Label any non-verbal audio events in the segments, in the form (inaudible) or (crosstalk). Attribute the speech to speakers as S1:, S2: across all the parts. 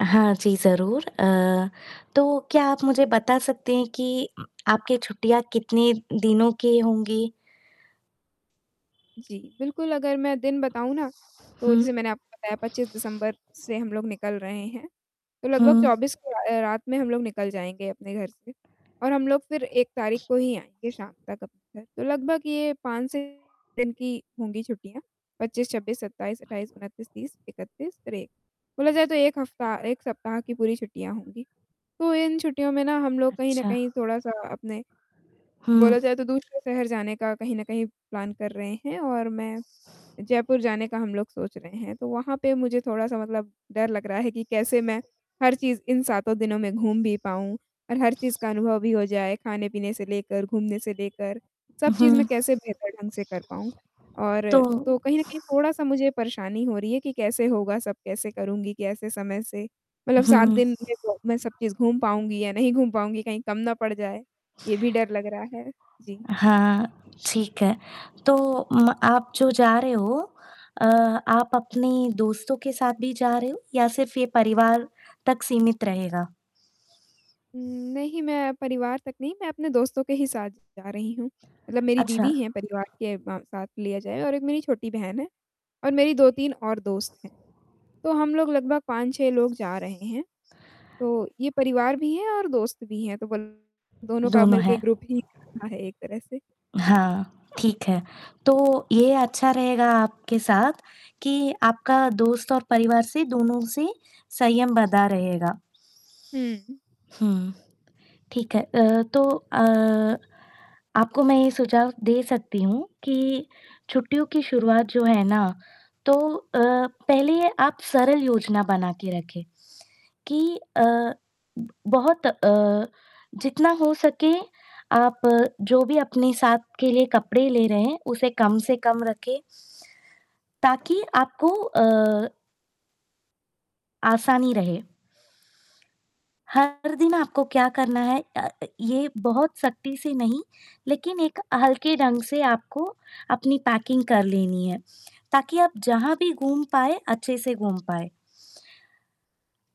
S1: हाँ जी ज़रूर। अ, तो क्या आप मुझे बता सकते हैं कि आपके छुट्टियाँ कितने दिनों के होंगी?
S2: जी, बिल्कुल, अगर मैं दिन बताऊँ ना, तो
S1: हुँ।
S2: जैसे मैंने आपको बताया 25 दिसंबर से हम लोग निकल रहे हैं। तो लगभग
S1: हुँ।
S2: 24 के अ, रात में हम लोग निकल जाएँगे अपने घर से। और हम लोग फिर 1 तारीख को ही आएँगे शाम तक अपने घर। तो लगभग ये 5 से 6 दिन की होंगी छुट्टियाँ। 25, 26, 27, 28, 29, 30, 31 और 1 बोला जाए तो 1 हफ्ता 1 सप्ताह की पूरी छुट्टियाँ होंगी। तो इन छुट्टियों में ना हम लोग कहीं न
S1: अच्छा।
S2: कहीं थोड़ा-सा अपने
S1: हुँ।
S2: बोला जाए तो दूसरे शहर जाने का कहीं न कहीं प्लान कर रहे हैं और मैं जयपुर जाने का हम लोग सोच रहे हैं। तो वहाँ पे मुझे थोड़ा-सा मतलब डर लग रहा है कि कैसे मैं हर चीज़ इन सातों दिनों में घूम भी पाऊँ और हर चीज़ का अनुभव भी हो जाए। खाने-पीने से लेकर, घूमने से लेकर सब चीज़ मैं
S1: हुँ।
S2: कैसे बेहतर ढंग से कर पाऊँ और तो
S1: तो
S2: कहीं न कहीं थोड़ा-सा मुझे परेशानी हो रही है कि कैसे होगा, सब कैसे करूँगी, कैसे समय से मतलब सात
S1: हुँ।
S2: दिन में तो मैं सब चीज़ घूम पाऊँगी या नहीं घूम पाऊँगी, कहीं कम ना पड़ जाए। ये भी डर लग रहा है। जी।
S1: हाँ, ठीक है। तो म आप जो जा रहे हो, अ, आप अपने दोस्तों के साथ भी जा रहे हो या सिर्फ़ ये परिवार तक सीमित रहेगा?
S2: उम्म, नहीं, मैं परिवार तक नहीं, मैं अपने दोस्तों के ही साथ जा रही हूँ। मतलब मेरी दीदी
S1: अच्छा।
S2: हैं परिवार के म साथ लिया जाए और 1 मेरी छोटी बहन है, और मेरी 2-3 और दोस्त हैं। तो हम लोग लगभग 5-6 लोग जा रहे हैं। तो ये परिवार भी है और दोस्त भी हैं, तो बोल दोनों का
S1: दोनों
S2: मिल के
S1: हैं।
S2: ग्रुप ही (unintelligible) है एक तरह से। जी।
S1: हाँ, ठीक है। तो ये अच्छा रहेगा आपके साथ कि आपका दोस्त और परिवार से दोनों से संयम बँधा रहेगा।
S2: हुँ, हुँ।
S1: हुँ, ठीक है। अ, तो अ, आपको मैं ये सुझाव दे सकती हूँ कि छुट्टियों की शुरुआत जो है ना तो अ, पहले आप सरल योजना बना के रखें, कि अ, बहुत अ, जितना हो सके आप जो भी अपने साथ के लिए कपड़े ले रहे हैं, उसे कम से कम रखें। ताकि आपको अ आसानी रहे। हर दिन आपको क्या करना है अ, ये बहुत सख्ती से नहीं लेकिन एक हल्के ढंग से आपको अपनी पैकिंग कर लेनी है। ताकि आप जहाँ भी घूम पाए, अच्छे से घूम पाए।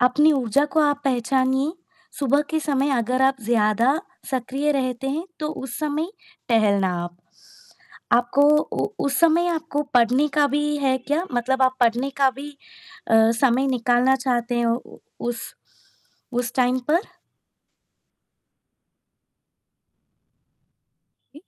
S1: अपनी ऊर्जा को आप पहचानिए। सुबह के समय अगर आप ज़्यादा सक्रिय रहते हैं, तो उस समय टहलना आप। आपको उ उस समय आपको पढ़ने का भी है क्या मतलब आप पढ़ने का भी अ, समय निकालना चाहते हो उ उस उस टाइम पर?
S2: जी।